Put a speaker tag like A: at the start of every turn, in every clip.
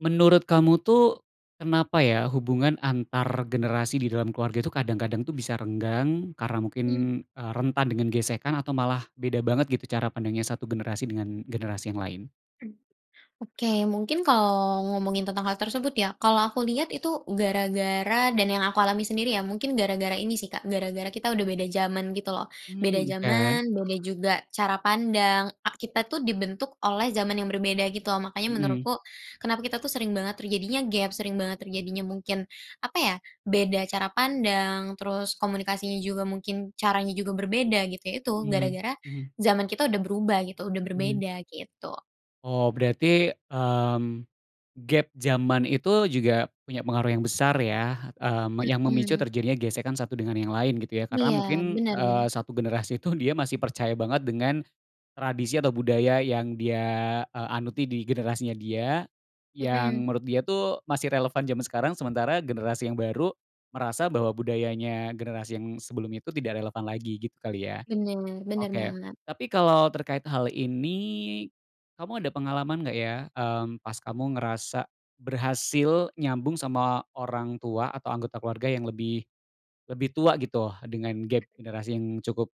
A: Menurut kamu tuh, kenapa ya hubungan antar generasi di dalam keluarga tuh kadang-kadang tuh bisa renggang, karena mungkin,
B: Mmm.
A: eee, rentan dengan gesekan atau malah beda banget gitu cara pandangnya satu generasi dengan generasi yang lain?
B: Mmm, oke, mungkin kalau ngomongin tentang hal tersebut ya, kalau aku lihat itu, gara-gara dan yang aku alami sendiri ya, mungkin gara-gara ini sih Kak, gara-gara kita udah beda zaman gitu loh. Beda
A: Mmm, oke.
B: zaman, beda juga cara pandang, ak kita tuh dibentuk oleh zaman yang berbeda gitu loh. Makanya
A: Mhm.
B: menurutku, kenapa kita tuh sering banget terjadinya gep, sering banget terjadinya mungkin, apa ya, beda cara pandang, terus komunikasinya juga mungkin, caranya juga berbeda gitu ya itu,
A: Mmm,
B: gara-gara
A: mhm.
B: zaman kita udah berubah gitu, udah
A: Mmm.
B: berbeda gitu.
A: Oh berarti, mmm, gep zaman itu juga punya pengaruh yang besar ya, mmm, yang memicu
B: Mhm.
A: terjadinya gesekan satu dengan yang lain gitu ya?
B: Iya,
A: Karena mungkin,
B: benar
A: eee,
B: benar.
A: satu generasi itu, dia masih percaya banget dengan tradisi atau budaya yang dia, eee, anuti di generasinya dia, yang
B: Mhm.
A: menurut dia tuh masih relevan zaman sekarang, sementara generasi yang baru, merasa bahwa budayanya generasi yang sebelumnya itu tidak relevan lagi, gitu kali ya?
B: Benar, benar
A: Oke.
B: banget.
A: Tapi kalau terkait hal ini, kamu ada pengalaman nggak ya, mmm, pas kamu ngerasa berhasil nyambung sama orang tua atau anggota keluarga yang lebih lebih tua gitu dengan gep generasi yang cukup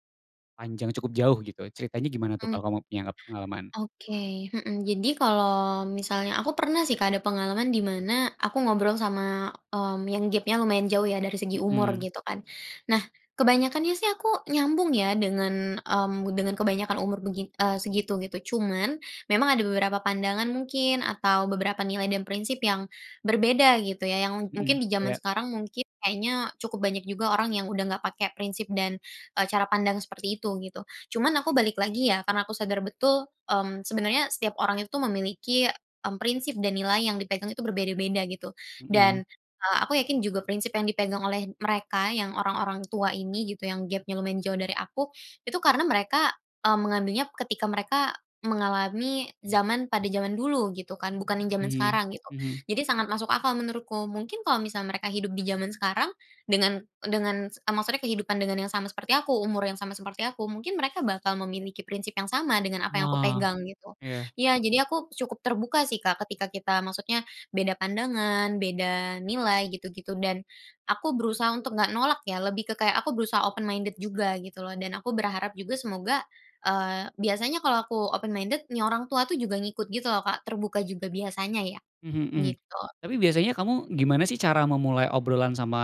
A: panjang cukup jauh gitu. Ceritanya gimana tuh,
B: Mmm.
A: kalau kamu punya p pengalaman?
B: Oke. Mhm. Jadi kalau misalnya aku pernah sih Kak ada pengalaman di mana aku ngobrol sama, mmm, yang gap-nya lumayan jauh ya dari segi umur,
A: Mhm.
B: gitu kan. Nah, kebanyakannya sih aku, nyambung ya dengan, mmm, dengan kebanyakan umur begi eee, segitu, gitu. Cuman, memang ada beberapa pandangan mungkin atau beberapa nilai dan prinsip yang berbeda gitu ya, yang ng
A: Mhm,
B: mungkin di zaman
A: iya.
B: sekarang, mungkin kayaknya cukup banyak juga orang yang udah nggak pakai prinsip dan, eee, cara pandang seperti itu, gitu. Cuman aku, balik lagi ya, karena aku sadar betul, mmm, sebenarnya setiap orang itu memiliki, mmm, prinsip dan nilai yang dipegang itu berbeda-beda gitu.
A: Mhm.
B: Dan, eee, aku yakin juga prinsip yang dipegang oleh mereka yang orang-orang tua ini gitu, yang gepnya lumayan jauh dari aku, itu karena mereka, mmm, mengambilnya ketika mereka mengalami zaman pada zaman dulu gitu kan, bukan yang zaman
A: Mmm,
B: sekarang gitu.
A: mhm.
B: Jadi sangat masuk akal menurutku. Mungkin kalau misal mereka hidup di zaman sekarang dengan dengan, eee, maksudnya kehidupan dengan yang sama seperti aku, umur yang sama seperti aku, mungkin mereka bakal memiliki prinsip yang sama dengan apa yang aku
A: Wah.
B: pegang gitu.
A: Iya.
B: Iya, jadi aku cukup terbuka sih Kak, ketika kita maksudnya beda pandangan, beda nilai gitu-gitu dan aku berusaha untuk nggak nolak ya, lebih ke kayak, aku berusaha open minded juga gitu loh dan aku berharap juga semoga, eee, biasanya kalau aku open minded, nih orang tua tuh juga ngikut gitu loh Kak, terbuka juga biasanya ya.
A: Mhm
B: Gitu.
A: mhm.Tapi biasanya kamu gimana sih cara memulai obrolan sama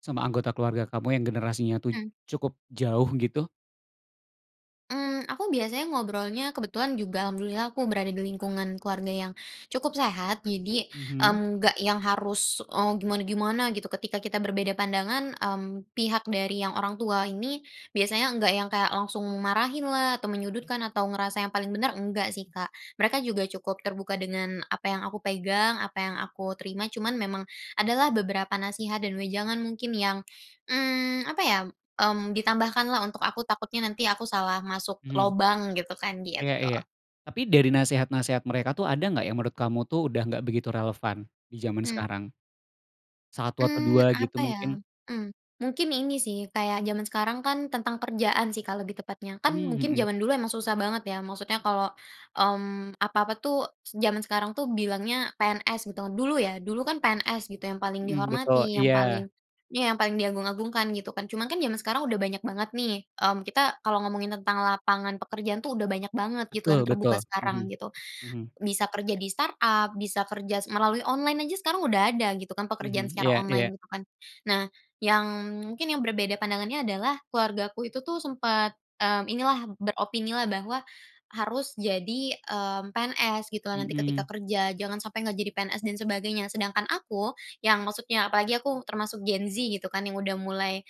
A: sama anggota keluarga kamu yang generasinya tuh,
B: Mmm.
A: cukup jauh gitu?
B: Mmm, aku biasanya ngobrolnya kebetulan juga alhamdulillah aku berada di lingkungan keluarga yang, cukup sehat jadi,
A: Mhm.
B: mmm, nggak yang harus, eee, gimana-gimana gitu ketika kita berbeda pandangan, mmm, pihak dari yang orang tua ini, biasanya enggak yang kayak langsung marahin lah atau menyudutkan atau ngerasa yang paling benar enggak sih Kak, mereka juga cukup terbuka dengan apa yang aku pegang apa yang aku terima cuman memang ada lah beberapa nasihat dan wejangan mungkin yang, mmm, apa ya, mmm, ditambahkanlah untuk aku takutnya nanti aku salah masuk
A: Mhm.
B: lobang gitu kan
A: Iya
B: gitu.
A: iya, tapi dari nasehat-nasehat mereka tuh ada nggak yang menurut kamu tuh udah nggak begitu relevan, di zaman
B: Mmm.
A: sekarang? 1 atau 2
B: Mmm,
A: gitu
B: apa ya?
A: mungkin?
B: Mmm, mungkin ini sih kayak jaman sekarang kan tentang kerjaan sih Kak lebih tepatnya. Kan
A: Mmm,
B: mungkin
A: mhm.
B: jaman dulu emang susah banget ya maksudnya kalau, mmm, apa-apa tuh zaman sekarang tuh bilangnya PNS gitu kan, dulu ya dulu kan PNS gitu yang paling
A: Mhm, betul
B: dihormati yang
A: iya.
B: paling iya yang paling diagung-agungkan gitu kan cuma kan jaman sekarang udah banyak banget nih, mmm, kita kalau ngomongin lapangan pekerjaan tuh udah banyak banget gitu dan
A: Betul betul,
B: terbuka sekarang
A: mhm,
B: gitu,
A: mhm.
B: bisa kerja di startup bisa kerja melalui online aja sekarang udah ada gitu kan pekerjaan
A: Mhm,
B: secara
A: iya iya.
B: online gitu kan, nah yang mungkin yang berbeda pandangannya adalah keluargaku itu tuh sempat, mmm, ini lah beropini lah bahwa, harus jadi, mmm, PNS gitu nanti ketika
A: Mhm.
B: kerja jangan sampai nggak jadi PNS dan sebagainya, sedangkan aku, yang maksudnya apalagi aku termasuk Gen Z gitu kan yang udah mulai,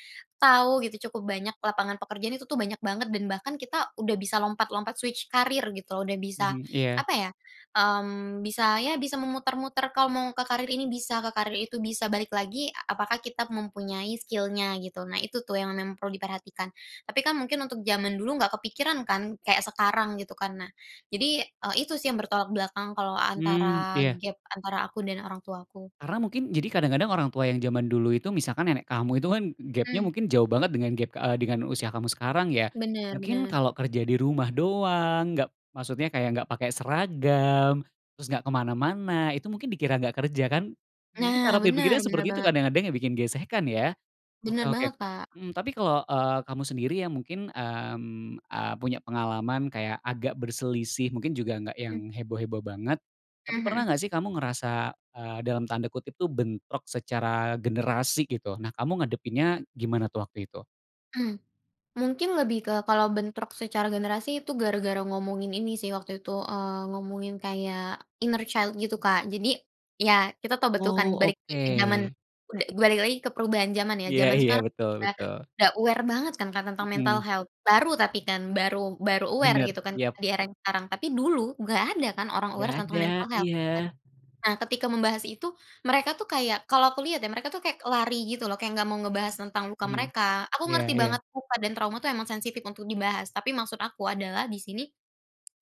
B: tahu gitu cukup banyak lapangan pekerjaan itu tuh banyak banget dan bahkan kita udah bisa lompat-lompat switch career gitu loh udah bisa,
A: Mhm, iya.
B: apa ya, mmm, bisa ya bisa memutar-mutar kalau mau ke karir ini bisa ke karir itu bisa balik lagi apakah kita mempunyai skill-nya gitu nah itu tuh yang memang perlu diperhatikan. Tapi kan mungkin untuk zaman dulu nggak kepikiran kan kayak sekarang gitu kan nah, jadi, eee, itu sih yang bertolak belakang kalau
A: Mmm,
B: antara
A: iya.
B: gap antara aku dan orang tua aku.
A: Karena mungkin jadi kadang-kadang orang tua yang zaman dulu itu misalkan nenek kamu itu kan gapnya
B: Mmm.
A: mungkin jauh banget dengan gap, eee, dengan usia kamu sekarang ya,
B: Benar
A: mungkin
B: benar.
A: kalau kerja di rumah doang nggak, maksudnya kayak nggak pakai seragam, terus nggak kemana-mana itu mungkin dikira nggak kerja kan? Mungkin
B: Nah
A: cara
B: benar
A: berpikirnya
B: benar
A: seperti itu
B: banget.
A: kadang-kadang yang bikin gesekan ya, oke
B: Benar
A: oke,
B: banget Kak.
A: mhm, tapi kalau, eee, kamu sendiri yang mungkin, mmm, eee, punya pengalaman kayak agak berselisih mungkin juga nggak
B: Mmm.
A: yang heboh-heboh banget,
B: Mmm,
A: tapi pernah
B: mhm.
A: nggak sih kamu ngerasa, eee, dalam tanda kutip tuh bentrok secara generasi gitu nah kamu ngadepinnya gimana tuh waktu itu?
B: Mmm, mungkin lebih ke kalau bentrok secara generasi itu gara-gara ngomongin ini sih waktu itu, eee, ngomongin kayak inner child gitu Kak jadi iya kita tahu betul kan
A: Oh
B: balik lagi ke zaman
A: oke.
B: ud balik lagi ke perubahan zaman ya,
A: Iya
B: zaman
A: iya,
B: sekarang
A: betul
B: udah
A: betul.
B: udah aware banget kan Kak tentang mental
A: Mhm.
B: health baru tapi kan baru baru aware
A: Benar
B: gitu kan
A: iya.
B: di era yang sekarang tapi dulu nggak ada kan orang aware
A: Nggak
B: tentang
A: ada,
B: mental health kan,
A: iya.
B: nah ketika membahas itu mereka tuh kayak kalau aku lihat ya, mereka tuh kayak lari gitu loh kayak nggak mau ngebahas tentang luka
A: Mhm,
B: mereka. Aku
A: iya
B: ngerti
A: iya.
B: banget luka dan trauma itu emang sensitif untuk dibahas tapi maksud aku adalah di sini,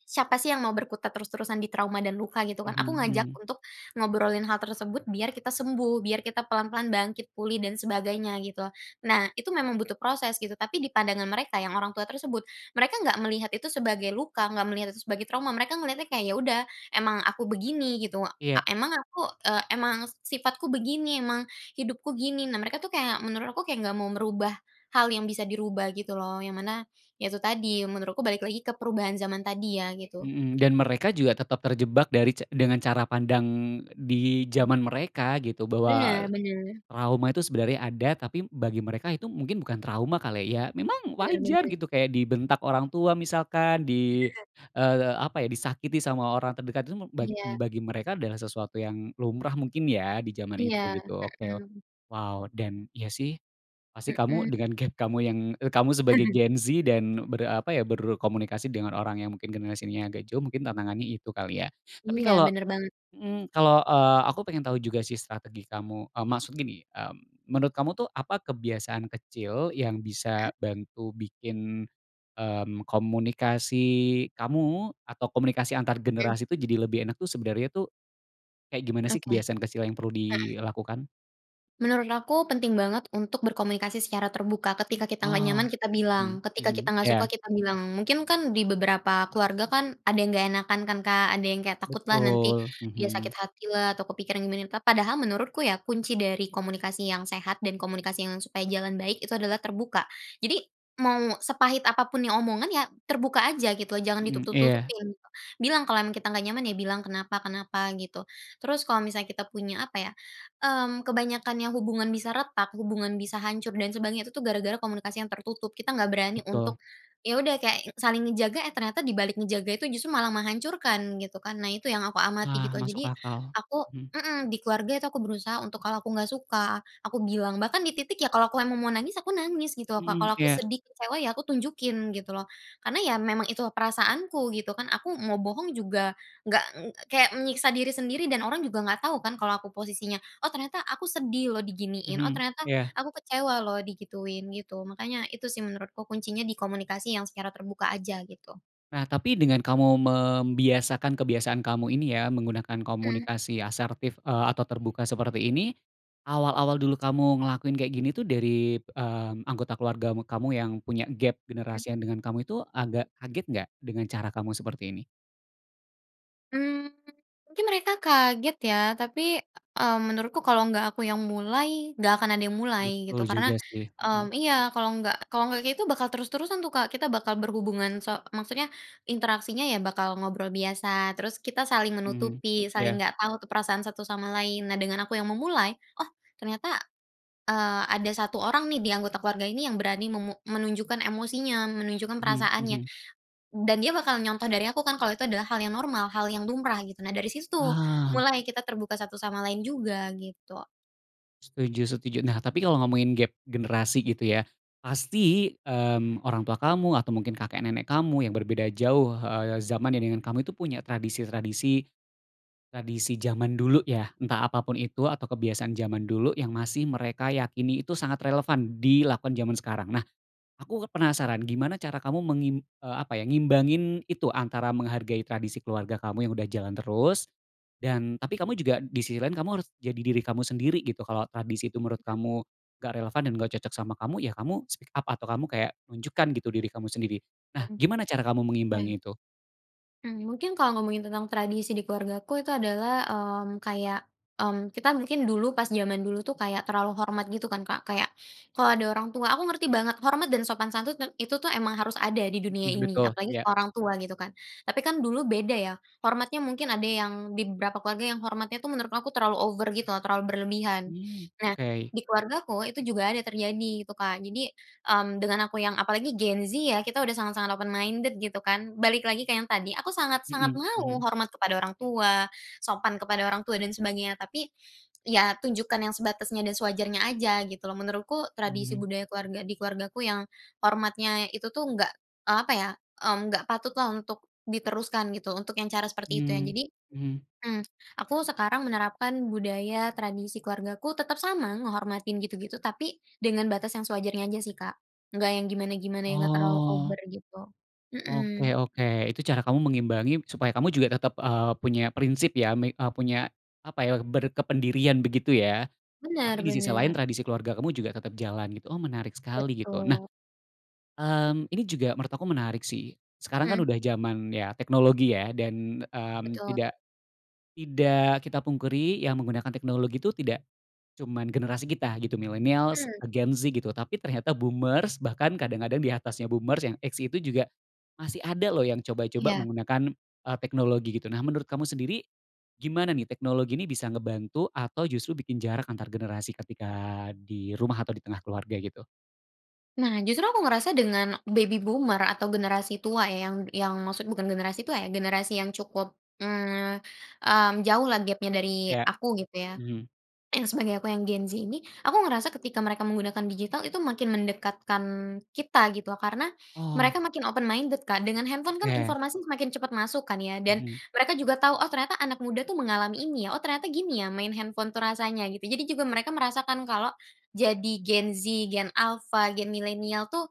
B: siapa sih yang mau berkutat terus-terusan di trauma dan luka gitu kan?
A: Mhm
B: Aku ngajak
A: mhm.
B: untuk ngobrolin hal tersebut biar kita sembuh, biar kita pelan-pelan bangkit pulih dan sebagainya gitu. Nah itu memang butuh proses gitu, tapi di pandangan mereka yang orang tua tersebut, mereka nggak melihat itu sebagai luka, nggak melihat itu sebagai trauma, mereka ngelihatnya kayak ya udah emang aku begini gitu,
A: Iya.
B: eee, emang aku, eee, emang sifatku begini, emang hidupku gini, nah mereka itu kayak menurut aku kayak nggak mau merubah, hal yang bisa dirubah gitu loh yang mana, iya itu tadi menurutku balik lagi ke perubahan zaman tadi ya gitu.
A: Mhm, dan mereka juga tetap terjebak dari ca dengan cara pandang di
B: Mhm.
A: zaman mereka gitu bahwa,
B: Benar benar.
A: trauma itu sebenarnya ada tapi bagi mereka itu mungkin bukan trauma kali ya, memang
B: Benar
A: wajar
B: benar.
A: gitu kayak dibentak orang tua misalkan di,
B: Iya.
A: eee, apa ya disakiti sama orang terdekat itu mu bag
B: Iya.
A: bagi mereka adalah sesuatu yang lumrah mungkin ya di zaman
B: Iya,
A: itu gitu oke o
B: mhm.
A: wow dan iya sih, pasti kamu
B: Mhm.
A: dengan gap kamu yang, eee, kamu sebagai Gen Z dan ber apa ya berkomunikasi dengan orang yang mungkin generasinya agak jauh mungkin tantangannya itu kali ya, tapi
B: Iya
A: kalau
B: benar banget.
A: mhm, kalau, eee, aku pengen tahu juga sih strategi kamu, mmm, maksud gini, mmm, menurut kamu tuh apa kebiasaan kecil yang
B: Mhm.
A: bisa bantu bikin, mmm, komunikasi kamu atau komunikasi antar
B: Mmm.
A: generasi tuh jadi lebih enak tuh sebenernya tuh. Kayak gimana sih
B: Oke, heeh.
A: kebiasaan kecil yang perlu dilakukan?
B: Menurut aku penting banget untuk berkomunikasi secara terbuka, ketika kita nggak
A: Oh,
B: nyaman kita
A: mhm
B: bilang, ketika kita
A: mhm,
B: nggak suka
A: iya.
B: kita bilang, mungkin kan di beberapa keluarga kan ada yang nggak enakan kan Kak, ada yang kayak takut lah nanti,
A: Betul,
B: dia sakit
A: mhm.
B: hati lah atau kepikiran gimana lah, padahal menurutku ya kunci dari komunikasi yang sehat dan komunikasi yang supaya jalan baik itu adalah terbuka, jadi mau sepahit apa pun yang omongan ya terbuka aja gitu jangan
A: Mhm, iya.
B: ditutup-tutupin gitu, bilang kalau kita nggak nyaman ya bilang kenapa kenapa gitu, terus kalau misalnya kita punya apa ya, mmm, kebanyakan yang hubungan bisa retak, hubungan bisa hancur dan sebagainya itu tuh gara-gara komunikasi yang tertutup. Kita nggak berani
A: Betul.
B: untuk, ya udah kayak saling ngejaga, eh, ternyata dibalik ngejaga itu justru malah menghancurkan, gitu kan. Nah, itu yang aku amati
A: Nah
B: gitu,
A: masuk
B: jadi
A: akal,
B: aku
A: mmm.
B: mhm, di keluarga itu aku berusaha untuk kalau aku nggak suka, aku bilang, bahkan di titik ya kalau aku mau emang mau nangis, aku nangis gitu loh, Kak,
A: Mhm,
B: kalau aku
A: iya.
B: sedih, kecewa, ya aku tunjukin gitu loh, karena ya memang itu perasaanku gitu kan, aku mau bohong juga nggak ng kayak menyiksa diri sendiri dan orang juga nggak tahu kan kalo aku posisinya, oh, ternyata aku sedih loh diginiin, oh,
A: Mhm,
B: ternyata
A: iya.
B: aku kecewa loh digituin, gitu, makanya itu sih menurutku kuncinya di komunikasi yang secara terbuka aja gitu.
A: Nah, tapi dengan kamu membiasakan kebiasaan kamu ini ya menggunakan
B: Mhm.
A: komunikasi asertif, eee, atau terbuka seperti ini, awal-awal dulu kamu ngelakuin kayak gini tuh dari, mmm, anggota keluarga mu kamu yang punya gap
B: Hmm.
A: generasi yang dengan kamu itu agak kaget nggak dengan cara kamu seperti ini?
B: Mmm, mungkin mereka kaget ya tapi, mmm, menurutku kalau nggak aku yang mulai nggak akan ada yang mulai gitu
A: Betul
B: karena,
A: juga sih, mhm.
B: mmm iya kalau nggak kalau nggak kayak gitu bakal terus-terusan tuh Kak kita bakal berhubungan so maksudnya interaksinya ya bakal ngobrol biasa terus kita saling
A: Mhm,
B: menutupi, saling
A: iya.
B: nggak tahu tuh perasaan satu sama lain, nah dengan aku yang memulai, oh ternyata, eee, ada 1 orang nih di anggota keluarga ini yang berani memu menunjukkan emosinya ,menunjukkan
A: Mhm
B: perasaannya,
A: mhm.
B: dan dia bakal nyontoh dari aku kan kalau itu adalah hal yang normal, hal yang lumrah gitu, nah dari situ tuh,
A: Paham.
B: mulai kita terbuka satu sama lain juga gitu.
A: Setuju setuju. Nah tapi kalau ngomongin gap generasi gitu ya. Pasti, mmm, orang tua kamu atau mungkin kakek nenek kamu yang berbeda jauh, eee, zamannya dengan kamu, itu punya tradisi-tradisi, tradisi zaman dulu ya. Entah apa pun itu atau kebiasaan zaman dulu yang masih mereka yakini itu sangat relevan dilakukan zaman sekarang. Nah aku kan penasaran, gimana cara kamu mengim eee, apa ya, ngimbangin itu, antara menghargai tradisi keluarga kamu yang udah jalan terus, dan tapi kamu juga disisi lain kamu harus jadi diri kamu sendiri gitu. Kalau tradisi itu menurut
B: Iya.
A: kamu enggak relevan dan enggak cocok sama kamu, ya kamu speak up atau kamu kayak nunjukkan gitu diri kamu sendiri. Nah
B: Mhm.
A: gimana cara kamu
B: Iya.
A: mengimbangi itu?
B: Mmm, mungkin kalo ngomongin tentang tradisi di keluargaku itu adalah, mmm, kayak, mmm, kita mungkin dulu pas jaman dulu tuh kayak terlalu hormat gitu kan, Kak. Kayak kalau ada orang tua aku ngerti banget hormat dan sopan santun tem itu tuh emang harus ada di dunia
A: Hmm,
B: ini
A: betul,
B: apalagi
A: iya.
B: ke orang tua gitu kan, tapi kan dulu beda ya, hormatnya mungkin ada yang di beberapa keluarga yang hormatnya tuh menurut aku terlalu over gitu loh, terlalu berlebihan.
A: Hmm,
B: Nah,
A: oke.
B: di keluargaku itu juga ada terjadi itu, Kak. Jadi, mmm, dengan aku yang apalagi Gen Z ya, kita udah sangat-sangat open minded gitu kan. Balik lagi ke yang tadi, aku sangat-sangat
A: Hmm hmm.
B: mau hormat kepada orang tua, sopan kepada orang tua, dan sebagainya, tapi, ya tunjukkan yang sebatasnya dan sewajarnya aja gitu loh. Menurutku, tradisi
A: Mmm.
B: budaya keluarga di keluargaku yang hormatnya itu tuh enggak, eee, apa ya, mmm, enggak patut lah untuk diteruskan gitu, untuk yang cara seperti itu ya.
A: Mmm
B: Jadi,
A: mmm.
B: mmm, aku sekarang menerapkan budaya tradisi keluargaku, tetap sama ngehormatin gitu-gitu, tapi dengan batas yang sewajarnya aja sih, Kak. Enggak yang gimana-gimana yang enggak terlalu
A: Oh.
B: over gitu. Mhm.
A: Oke oke. Itu cara kamu mengimbangi supaya kamu juga tetap, eee, punya prinsip ya, me eee, punya, apa ya, berkependirian begitu, ya? Tapi
B: Benar
A: di sisi lain
B: benar.
A: tradisi keluarga kamu juga tetap jalan gitu. Oh menarik sekali gitu. Nah,
B: Betul.
A: mmm, ini juga menurut aku menarik sih. Sekarang kan
B: Mmm.
A: udah zaman ya, teknologi ya, dan, mmm,
B: Betul.
A: tidak, tidak kita pungkiri yang menggunakan teknologi itu tidak cuman generasi kita gitu, milenials,
B: Mmm.
A: Gen Z gitu, tapi ternyata boomers bahkan kadang-kadang di atasnya boomers yang X itu juga masih ada loh yang coba-coba
B: Iya.
A: menggunakan, eee, teknologi gitu. Nah menurut kamu sendiri, gimana nih teknologi ini bisa ngebantu atau justru bikin jarak antar generasi ketika di rumah atau di tengah keluarga, gitu?
B: Nah, justru aku ngerasa dengan baby boomer atau generasi tua ya yang yang maksud bukan generasi tua ya, generasi yang cukup, mmm mmm, jauh lah gap-nya dari
A: Iya,
B: aku gitu ya,
A: mhm.
B: yang sebagai aku yang gen Z ini. Aku ngerasa ketika mereka menggunakan digital itu makin mendekatkan kita gitu loh, karena
A: Oh.
B: mereka makin open minded, Kak. Dengan handphone kan
A: Oke.
B: informasi semakin cepat masuk kan ya, dan
A: Hmm.
B: mereka juga tau, "Oh ternyata anak muda tuh mengalami ini ya," "Oh ternyata gini ya main handphone tuh rasanya," gitu. Jadi juga mereka merasakan kalau jadi Gen Z, Gen Alpha, Gen Milenial tuh,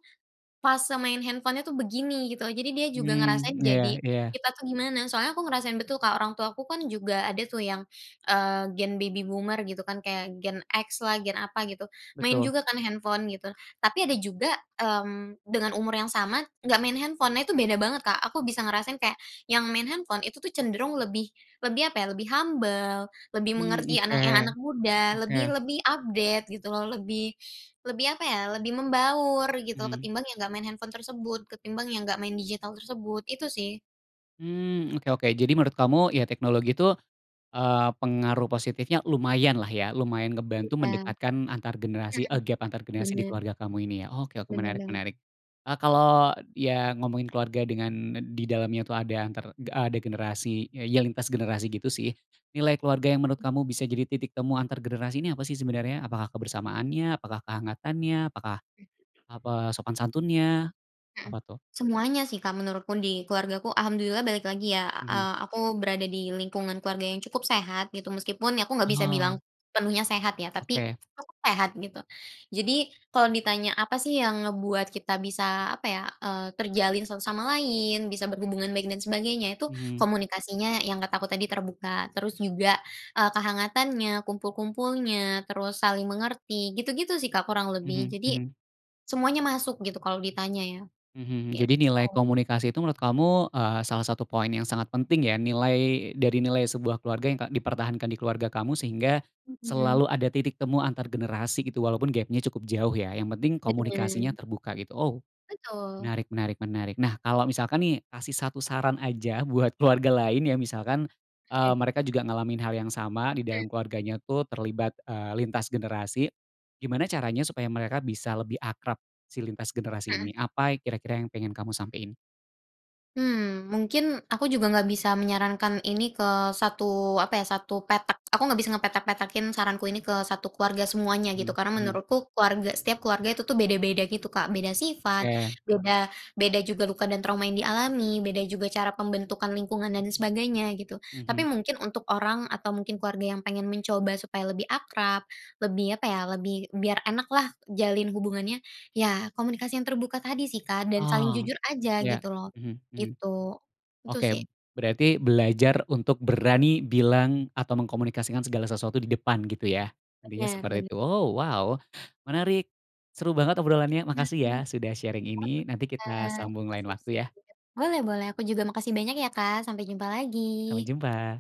B: fase main handphone-nya tuh begini, gitu. Jadi dia juga ngerasain
A: Mmm, iya
B: jadi
A: iya.
B: kita tuh gimana. Soalnya aku ngerasain betul, Kak, orang tua ku kan juga ada tuh yang, eee, Gen baby boomer gitu kan, kayak Gen X lah, gen apa gitu, main
A: Betul.
B: juga kan handphone gitu, tapi ada juga, mmm, dengan umur yang sama, enggak main handphone. Nah itu beda banget, Kak. Aku bisa ngerasain kayak yang main handphone, itu tuh cenderung lebih lebih apa ya, lebih humble, lebih
A: Mmm,
B: mengerti
A: oke,
B: anak yang anak muda, lebih
A: oke.
B: lebih update gitu loh, lebih lebih apa ya, lebih membaur gitu
A: Mmm.
B: ketimbang yang enggak main handphone tersebut, ketimbang yang enggak main digital tersebut, itu sih.
A: Mmm, oke oke. Jadi menurut kamu, ya teknologi tuh, eee, pengaruh positifnya lumayan lah ya, lumayan ngebantu
B: Ya.
A: mendekatkan antar generasi, a
B: Mhm.
A: gap antar generasi di
B: Benar.
A: keluarga kamu ini ya. Oke oke
B: Benar
A: menarik
B: banget.
A: menarik. Eee, kalau ya ngomongin keluarga dengan n di dalamnya tuh ada antar de a degenerasi ya yang lintas generasi gitu sih, nilai keluarga yang menurut kamu bisa jadi titik temu antar generasi ini apa sih sebenarnya? Apakah kebersamaannya? Apakah kehangatannya? Apakah apa sopan santunnya?
B: Hmm.
A: Apa tuh?
B: Semuanya sih, Kak, menurutku. Di keluargaku alhamdulillah balik lagi ya, a
A: Hmm.
B: eee, aku berada di lingkungan keluarga yang cukup sehat gitu, meskipun ya aku enggak bisa bilang
A: Oh.
B: sepenuhnya sehat ya, tapi
A: Oke.
B: cukup sehat gitu. Jadi kalau ditanya apa sih yang ngebuat kita bisa, apa ya, eee, terjalin satu sama lain, bisa berhubungan baik dan sebagainya. Itu
A: Mmm.
B: komunikasinya yang kata aku tadi terbuka, terus juga, eee, kehangatannya, kumpul-kumpulnya, terus saling mengerti, gitu-gitu sih, Kak, kurang lebih.
A: Hmm
B: Jadi
A: hmm.
B: semuanya masuk gitu kalau ditanya ya.
A: Hmm. Jadi nilai
B: Gitu.
A: komunikasi itu menurut kamu, eee, salah satu poin yang sangat penting ya? Nilai dari nilai sebuah keluarga k yang dipertahankan di keluarga kamu sehingga
B: Mhm.
A: selalu ada titik temu antar generasi gitu, walaupun gapnya cukup jauh ya, yang penting komunikasinya
B: Mhm.
A: terbuka, gitu. Ow,
B: Betul.
A: menarik menarik menarik. Nah kalau misalkan nih, kasih 1 saran aja buat keluarga lain ya, misalkan, eee,
B: Heeh.
A: mereka juga ngalamin hal yang sama di
B: Mmm.
A: dalam keluarganya tuh terlibat, eee, lintas generasi. Gimana caranya supaya mereka bisa lebih akrab si lintas generasi
B: Mhm.
A: ini? Apa yang kira-kira yang pengen kamu sampein?
B: Hmm. Mungkin aku juga enggak bisa menyarankan ini ke satu, apa ya, satu petak. Aku enggak bisa ngepetak-petakin saranku ini ke 1 keluarga semuanya gitu
A: Hmm
B: karena
A: hmm.
B: menurutku keluarga setiap keluarga itu tu beda-beda gitu, Kak. Beda sifat,
A: Oke.
B: beda beda juga luka dan trauma yang dialami, beda juga cara pembentukan lingkungan dan sebagainya gitu, tapi
A: Mhm.
B: mungkin untuk orang atau mungkin keluarga yang pengen mencoba supaya lebih akrab, lebih apa ya, lebih biar enak lah jalin hubungannya, ya komunikasi yang terbuka tadi sih, Kak, dan saling
A: Oh,
B: jujur aja
A: ya,
B: gitu loh.
A: hmm hmm,
B: Gitu, itu
A: oke.
B: sih.
A: Berarti belajar untuk berani bilang atau mengkomunikasikan segala sesuatu di depan gitu, ya? Intinya
B: Benar
A: seperti
B: ben
A: itu. Ow, wow, menarik. Seru banget obrolannya, makasih ya
B: Mhm.
A: sudah sharing
B: Oke,
A: ini nanti kita
B: Kak.
A: sambung lain
B: Sip sip,
A: waktu ya.
B: boleh boleh, aku juga makasih banyak ya, Kak, sampai jumpa
A: Sampai
B: lagi.
A: jumpa.